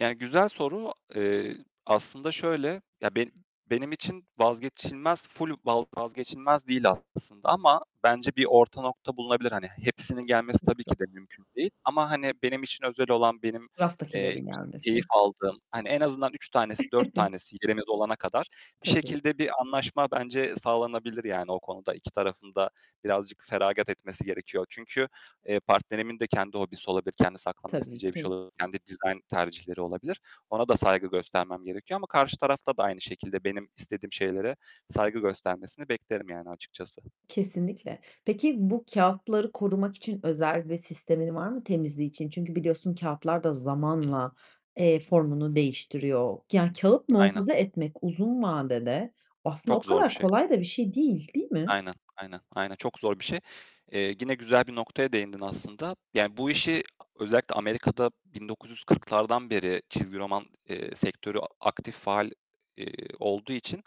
Yani güzel soru. Eee, aslında şöyle ya, be benim için vazgeçilmez, full va vazgeçilmez değil aslında ama bence bir orta nokta bulunabilir. Hani hepsinin gelmesi tabii ki [unintelligible] de mümkün değil ama, hani, benim için özel olan, benim, eee, k Raftakilerin gelmesi. keyif aldığım hani, en azından 3 tanesi, 4 tanesi yerimiz olana kadar bir Tabii. şekilde bir anlaşma bence sağlanabilir yani o konuda. 2 tarafın da birazcık feragat etmesi gerekiyor. Çünkü, eee, partnerimin de kendi hobisi olabilir, kendi saklamak Tabii isteyeceği bir şey ki. olabilir, kendi dizayn tercihleri olabilir. Ona da saygı göstermem gerekiyor ama karşı tarafta da aynı şekilde benim istediğim şeylere saygı göstermesini beklerim yani açıkçası. Kesinlikle. Peki bu kâğıtları korumak için özel bir sistemin var mı temizliği için? Çünkü biliyorsun kâğıtlar da Hı hı. zamanla, eee, formunu değiştiriyor. Yani kâğıt Aynen. muhafaza etmek uzun vadede aslında o Çok zor bir kadar şey. kolay da bir şey değil, değil mi? Aynen, aynen, aynen. Çok zor bir şey. Eee, gine güzel bir noktaya değindin aslında. Yani bu işi özellikle Amerika'da 1940'lardan beri çizgi roman, eee, sektörü a aktif, faal, eee, olduğu için,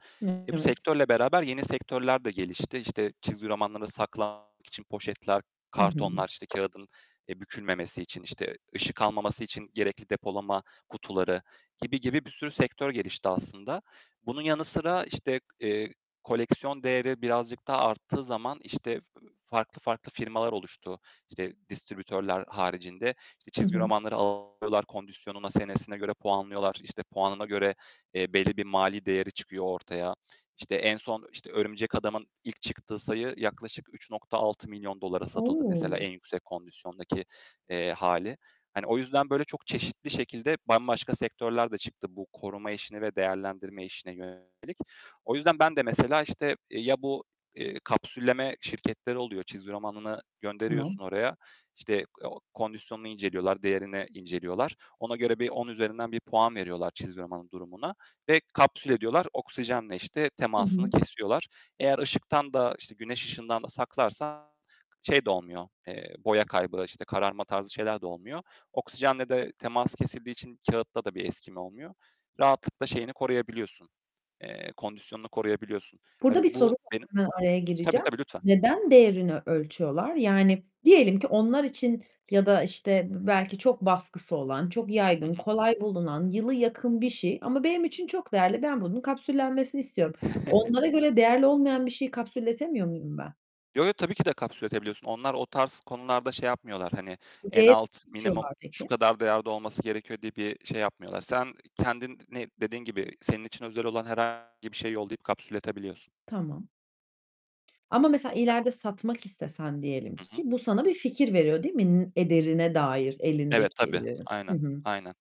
e, bu Evet. sektörle beraber yeni sektörler de gelişti. İşte, çizgi romanları saklamak için poşetler, Hı hı. kartonlar, işte, kâğıdın, eee, bükülmemesi için, işte, ışık almaması için gerekli depolama kutuları gibi, gibi bir sürü sektör gelişti aslında. Bunun yanı sıra, işte, eee, koleksiyon değeri birazcık daha arttığı zaman, işte, ııı, farklı, farklı firmalar oluştu. İşte, distribütörler haricinde, işte, Hı çizgi hı. romanları alıyorlar, kondisyonuna, senesine göre puanlıyorlar, işte, puanına göre, eee, belli bir mali değeri çıkıyor ortaya. İşte, en son işte Örümcek Adam'ın ilk çıktığı sayı yaklaşık $3.600.000'a satıldı mesela O! en yüksek kondisyondaki, eee, hâli. Hani o yüzden böyle çok çeşitli şekilde bambaşka sektörler de çıktı bu koruma işine ve değerlendirme işine yönelik. O yüzden ben de mesela, işte, ya bu, eee, kapsülleme şirketleri oluyor, çizgi romanını Tamam. gönderiyorsun oraya, işte, o kondisyonunu inceliyorlar, değerini inceliyorlar, ona göre bir 10 üzerinden bir puan veriyorlar çizgi romanın durumuna ve kapsül ediyorlar. Oksijenle işte Hı temasını hı. kesiyorlar. Eğer ışıktan da işte güneş ışığından da saklarsan şey de olmuyor, eee, boya kaybı işte kararma tarzı şeyler de olmuyor. Oksijenle de temas kesildiği için kâğıtta da bir eskime olmuyor. Rahatlıkla şeyini koruyabiliyorsun, eee, kondisyonunu koruyabiliyorsun. Hani Burada bir soru bu var, benim hemen araya Hıh, tabii, gireceğim: tabii lütfen. Neden değerini ölçüyorlar? Yani diyelim ki onlar için ya da işte b belki çok baskısı olan, çok Hı yaygın, hı. kolay bulunan, yılı yakın bir şey ama benim için çok değerli. Ben bunun kapsüllenmesini istiyorum. Onlara göre değerli olmayan bir şeyi kapsülletemiyor muyum ben? Yo, yo, tabii ki de kapsülletebiliyorsun. Onlar o tarz konularda şey yapmıyorlar. Hani Bu en değeri alt, nasıl minimum ölçüyorlar şu peki? kadar değerde olması gerekiyor diye bir şey yapmıyorlar. Sen kendin ne dediğin gibi senin için özel olan herhangi bir şeyi yollayıp kapsülletebiliyorsun. Tamam. Ama mesela [unintelligible] ileride satmak istesen diyelim Hı ki, hı. bu sana bir fikir veriyor, değil mi n ederine dair Evet, tabii. elindekilerin? Hı Aynen, hı. aynen.